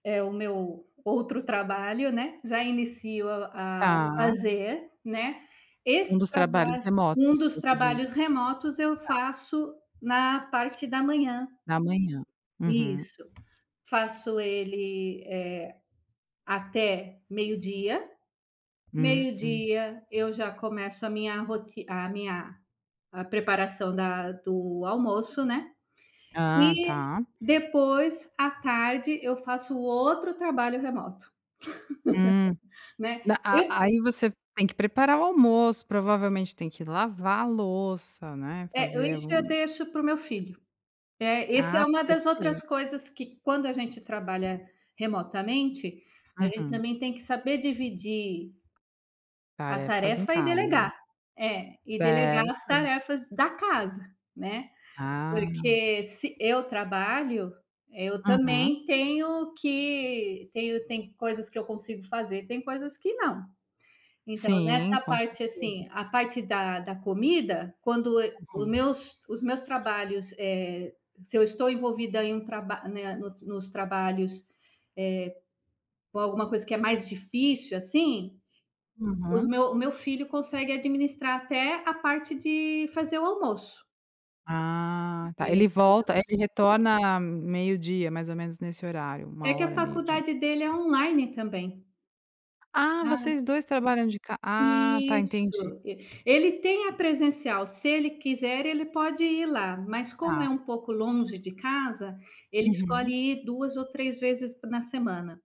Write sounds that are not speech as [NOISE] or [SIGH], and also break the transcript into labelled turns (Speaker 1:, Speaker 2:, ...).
Speaker 1: É, o meu outro trabalho, né, já inicio a
Speaker 2: Tá.
Speaker 1: fazer, né,
Speaker 2: Um
Speaker 1: esse
Speaker 2: dos trabalhos
Speaker 1: trabalho um
Speaker 2: remotos,
Speaker 1: dos
Speaker 2: você diz?
Speaker 1: trabalhos remotos, eu
Speaker 2: Tá.
Speaker 1: faço na parte da manhã.
Speaker 2: Na manhã, uhum.
Speaker 1: Isso. Faço, ele, eh, até meio-dia.
Speaker 2: Hum.
Speaker 1: Meio-dia eu já começo a minha roti a minha a preparação da do almoço, né.
Speaker 2: Ah,
Speaker 1: E
Speaker 2: tá.
Speaker 1: depois, à tarde, eu faço o outro trabalho remoto,
Speaker 2: Hum.
Speaker 1: [LAUGHS] né.
Speaker 2: Na
Speaker 1: Ess
Speaker 2: a aí você tem que preparar o almoço, provavelmente tem que lavar a louça, né.
Speaker 1: Eh, e
Speaker 2: Fazer
Speaker 1: isso eu
Speaker 2: um
Speaker 1: deixo para o meu filho. Eh, esse é
Speaker 2: Ah,
Speaker 1: uma das outras
Speaker 2: perfei
Speaker 1: coisas que, quando a gente trabalha remotamente, a gente
Speaker 2: Uhum.
Speaker 1: também tem que saber dividir a
Speaker 2: Tarefas em
Speaker 1: tarefa e
Speaker 2: casa.
Speaker 1: delegar. É, e delegar as
Speaker 2: Certo.
Speaker 1: tarefas da casa, né,
Speaker 2: Ah.
Speaker 1: porque se eu trabalho, eh, eu
Speaker 2: Uhum.
Speaker 1: também tenho que tenho tem coisas que eu consigo fazer, tem coisas que não. Então
Speaker 2: Sim,
Speaker 1: nessa
Speaker 2: com
Speaker 1: parte,
Speaker 2: certeza.
Speaker 1: assim, a parte da da comida, quando e o
Speaker 2: Uhum.
Speaker 1: meus os meus trabalhos, eh, se eu estou envolvida em um traba né, nos nos trabalhos, eh, com alguma coisa que é mais difícil, assim, os
Speaker 2: Uhum.
Speaker 1: meu o meu filho consegue administrar até a parte de fazer o almoço. É,
Speaker 2: Ah, tá. Ele
Speaker 1: entendeu?
Speaker 2: volta ele retorna meio-dia, mais ou menos nesse horário.
Speaker 1: É
Speaker 2: uma
Speaker 1: que a
Speaker 2: hora, meio-di
Speaker 1: faculdade dele é online também.
Speaker 2: Ah,
Speaker 1: Hã.
Speaker 2: vocês 2 trabalham de ca ah, tá, entendi.
Speaker 1: Isso. E ele tem a presencial, se ele quiser ele pode ir lá, mas como
Speaker 2: Tá.
Speaker 1: é um pouco longe de casa, ele escolhe
Speaker 2: Uhum.
Speaker 1: ir 2 ou 3 vezes p na semana.